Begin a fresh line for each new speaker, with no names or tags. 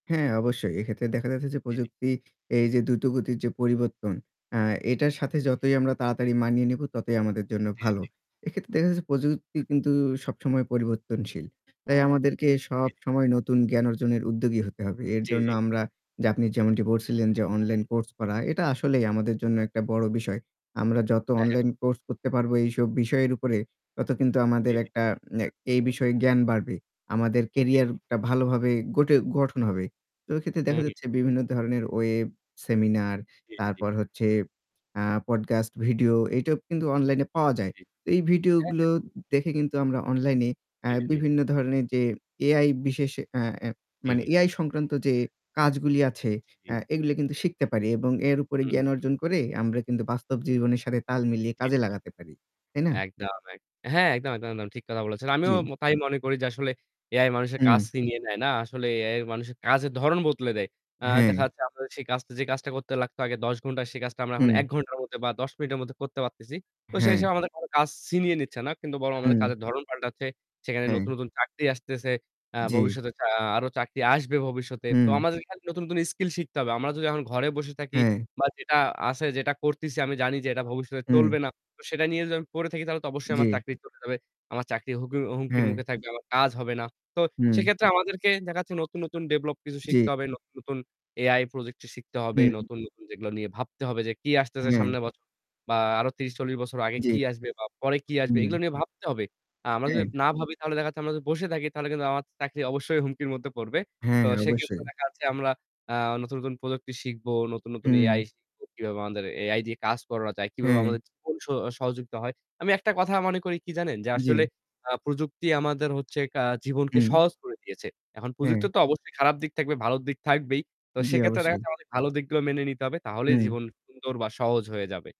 হ্যাঁ অবশ্যই। এক্ষেত্রে দেখা যাচ্ছে যে
জি, জি।
প্রযুক্তি এই যে দ্রুতগতির যে পরিবর্তন, আ এটার সাথে
হুম, হুম।
যতই আমরা তাড়াতাড়ি মানিয়ে নেব ততই আমাদের জন্য
জি, জি,
ভালো।
জি।
এক্ষেত্রে দেখা যাচ্ছে প্রযুক্তি কিন্তু সবসময় পরিবর্তনশীল। তাই আমাদেরকে
জী, জী।
সবসময় নতুন জ্ঞান অর্জনের উদ্যোগী হতে হবে। এর
জ্বী,
জন্য
জ্বী।
আমরা যে আপনি যেমনটি বলছিলেন যে অনলাইন কোর্স করা এটা আসলেই আমাদের জন্য একটা বড় বিষয়। আমরা যত
হ্যাঁ, হ্যাঁ।
অনলাইন কোর্স করতে পারবো এইসব বিষয়ের উপরে তত কিন্তু আমাদের
জ্বী, জী।
একটা আ এই বিষয়ে জ্ঞান বাড়বে। আমাদের
জি, জি।
কেরিয়ার টা ভালোভাবে গটে গঠন হবে। তো এক্ষেত্রে দেখা
হুম, হুম।
যাচ্ছে বিভিন্ন ধরনের ওয়েব, সেমিনার,
জি, জি, জি।
তারপর হচ্ছে আ পডকাস্ট ভিডিও এটাও কিন্তু অনলাইনে পাওয়া
জি,
যায়।
জি।
তো এই
হ্যাঁ, হ্যাঁ।
ভিডিওগুলো দেখে কিন্তু আমরা অনলাইনে আ
কেড়ে নেই।
বিভিন্ন ধরনের যে এআই বিশেষ আ এ
জী,
মানে
জী।
এআই সংক্রান্ত যে কাজগুলি আছে
জী, জী।
এগুলো কিন্তু শিখতে পারি এবং এর উপরে
হুম,
জ্ঞান
হুম।
অর্জন করে আমরা কিন্তু বাস্তব জীবনের সাথে তাল মিলিয়ে
জি,
কাজে
জি, জি।
লাগাতে পারি। তাই না?
একদম, এক হ্যাঁ একদম, একদম, একদম ঠিক কথা বলেছেন। আমিও
জ্বি।
ম তাই মনে করি যে আসলে এআই মানুষের কাজ
হুম।
ছিনিয়ে নেয় না। আসলে এআই মানুষের কাজের ধরণ বদলে দেয়। আ দেখা
হ্যাঁ।
যাচ্ছে আপনার সেই কাজ যে কাজটা করতে লাগতো আগে ১০ ঘন্টা সে কাজটা আমরা এখন
হু।
১ ঘন্টার মধ্যে বা ১০ মিনিটের মধ্যে করতে পারতেছি। তো সেই
হ্যাঁ।
হিসেবে আমাদের কোন কাজ ছিনিয়ে নিচ্ছে না। কিন্তু বরং আমাদের
হুম।
কাজের ধরন পাল্টাচ্ছে। সেখানে নতুন,
হ্যাঁ।
নতুন চাকরি আসতেছে। আ
জী।
ভবিষ্যতে আ আরো চাকরি আসবে ভবিষ্যতে। তো
হু।
আমাদের এখানে নতুন কোন স্কিল শিখতে হবে। আমরা যদি এখন ঘরে বসে থাকি
হ্যাঁ।
বা যেটা আছে যেটা করতেছি আমি জানি যে এটা ভবিষ্যতে চলবে
হু।
না। তো সেটা নিয়ে যদি আমি পড়ে থাকি তাহলে তো অবশ্যই আমার
জী।
চাকরি চলে যাবে। আমার চাকরি হুমকির হুমকির
হুম।
মুখে থাকবে, আমার কাজ হবে না। তো
হুম।
সেক্ষেত্রে আমাদেরকে দেখা যাচ্ছে নতুন, নতুন ডেভেলপ কিছু
জ্বী।
শিখতে হবে, নতুন, নতুন এআই প্রজেক্ট শিখতে হবে,
হুম
নতুন, নতুন যেগুলো নিয়ে ভাবতে হবে যে কি আসতেছে
হুম।
সামনের বছর বা আরো ৩০-৪০ বছর আগে কি
জ্বী।
আসবে বা পরে কি আসবে
হুম।
এগুলো নিয়ে ভাবতে হবে। আ আমরা যদি
হুম।
না ভাবি তাহলে দেখা যাচ্ছে আমরা যদি বসে থাকি তাহলে কিন্তু আমার চাকরি অবশ্যই হুমকির মধ্যে পড়বে। তো
হ্যাঁ
সেক্ষেত্রে
অবশ্যই।
দেখা যাচ্ছে আমরা আ নতুন, নতুন প্রযুক্তি শিখবো, নতু্‌ন, নতুন
হুম।
এআই শিখব কিভাবে আমাদের এআই দিয়ে কাজ করানো যায়, কিভাবে
হ্যা।
আমাদের জীবন স সহযোগিতা হয়। আমি একটা কথা মনে করি কি জানেন? যে
জ্বি।
আসলে আ প্রযুক্তি আমাদের হচ্ছে কা জীবনকে
হুম।
সহজ করে দিয়েছে। এখন প্রযুক্তি
হ্যা।
তো অবশ্যই খারাপ দিক থাকবে, ভালো দিক থাকবেই। তো
জ্বি
সেক্ষেত্রে দেখা
অবশ্যই।
যাচ্ছে আমাদের ভালো দিকগুলো মেনে নিতে হবে। তাহলেই
হুম।
জীবন সুন্দর বা সহজ হয়ে যাবে।